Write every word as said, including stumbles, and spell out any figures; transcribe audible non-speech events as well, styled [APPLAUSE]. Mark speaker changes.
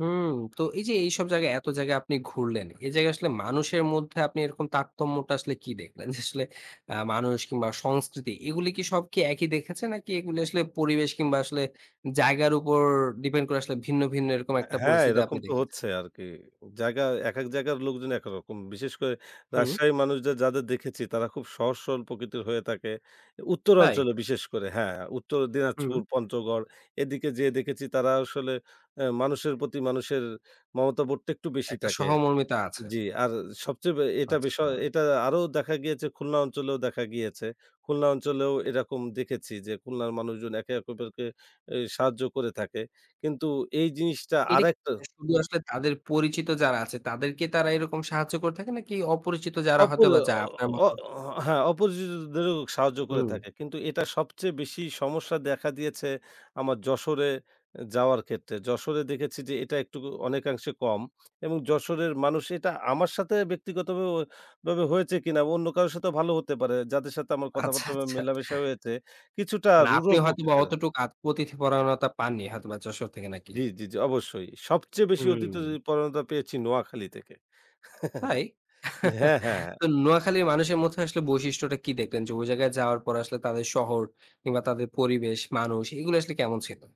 Speaker 1: হুম। তো এই যে, এইসব জায়গায় এত জায়গায় আপনি ঘুরলেন। এই জায়গায় আসলে মানুষের মধ্যে আপনি এরকম তারতম্যটা আসলে কি দেখলেন? যে, আসলে আ মানুষ কিংবা সংস্কৃতি এগুলো কি সব একই দেখেছেন? নাকি এগুলো আসলে পরিবেশ কিংবা আসলে জায়গার উপর ডিপেন্ড করে আসলে ভিন্ন, ভিন্ন, এরকম একটা
Speaker 2: হ্যাঁ,
Speaker 1: পরিস্থিতি
Speaker 2: এরকম
Speaker 1: আপনি
Speaker 2: তো
Speaker 1: দেখেছেন?
Speaker 2: হচ্ছে আরকি। জায়গা এক, এক, জায়গার লোকজন একরকম। বিশেষ করে
Speaker 1: হুম।
Speaker 2: রাজশাহী মানুষদের যাদের দেখেছি তারা খুব সহজ সরল প্রকৃতির হয়ে থাকে। উত্তর
Speaker 1: তাই!
Speaker 2: অঞ্চলে বিশেষ করে হ্যাঁ, উত্তরে
Speaker 1: হুম।
Speaker 2: দিনাজপুর, পঞ্চগড় এদিকে যেয়ে দেখেছি তারা আসলে আ মানুষের প্রতি মানুষের মমতা বোধটা একটু বেশি
Speaker 1: একটা
Speaker 2: থাকে।
Speaker 1: সহমর্মিতা আছে।
Speaker 2: জি। আর সবচেয়ে বে এটা বিষয়
Speaker 1: আচ্ছা।
Speaker 2: এটা আ আরো দেখা গিয়েছে, খুলনা অঞ্চলেও দেখা গিয়েছে। খুলনা অঞ্চলেও এরকম দেখেছি যে, খুলনার মানুষজন একে অপকরকে এ সাহায্য করে থাকে। কিন্তু এই জিনিসটা
Speaker 1: এটা
Speaker 2: আরেকটা
Speaker 1: শুধু আসলে তাদের পরিচিত যারা আছে তাদেরকে তারা এরকম সাহায্য করে থাকে? নাকি অপরিচিত যারা হয়তো
Speaker 2: অপরি
Speaker 1: বা যায় আপনার
Speaker 2: অ, অ
Speaker 1: মতো।
Speaker 2: হ্যাঁ, অপরিচিতদেরও সাহায্য করে
Speaker 1: হুম।
Speaker 2: থাকে। কিন্তু এটা সবচেয়ে বেশি সমস্যা দেখা দিয়েছে আমার যশোরে যাওয়ার ক্ষেত্রে। যশোরে দেখেছি যে, এটা একটুকু অনেকাংশে কম এবং যশোরের মানুষ এটা আমার সাথে ব্যক্তিগতভাবে অয় ভাবে হয়েছে কিনা অন্য কারোর সাথেও ভালো হতে পারে যাদের সাথে আমার
Speaker 1: আচ্ছা,
Speaker 2: কথাবার্তা মে
Speaker 1: আচ্ছা।
Speaker 2: মেলামেশা হয়েছে কিছুটা
Speaker 1: মানে
Speaker 2: রূঢ়
Speaker 1: আপনি হয়তোবা
Speaker 2: প্রকৃতির।
Speaker 1: অতটুকু আত অতিথিপরায়ণতা পাননি হয়তোবা যশোর থেকে নাকি?
Speaker 2: জি, জি, জি, অবশ্যই। সবচেয়ে বেশি
Speaker 1: হুম।
Speaker 2: অতিথীপরায়নতা পেয়েছি নোয়াখালী থেকে
Speaker 1: তাই!
Speaker 2: [CHUCKLES] যে
Speaker 1: [CHUCKLES]
Speaker 2: হ্যাঁ, হ্যাঁ,
Speaker 1: তো
Speaker 2: হ্যাঁ।
Speaker 1: নোয়াখালীর মানুষের মধ্যে আসলে বৈশিষ্ট্যটা কি দেখলেন? যে, ওই জায়গায় যাওয়ার পরে আসলে তাদের শহর, কিংবা তাদের পরিবেশ, মানুষ এগুলো আসলে কেমন ছিল?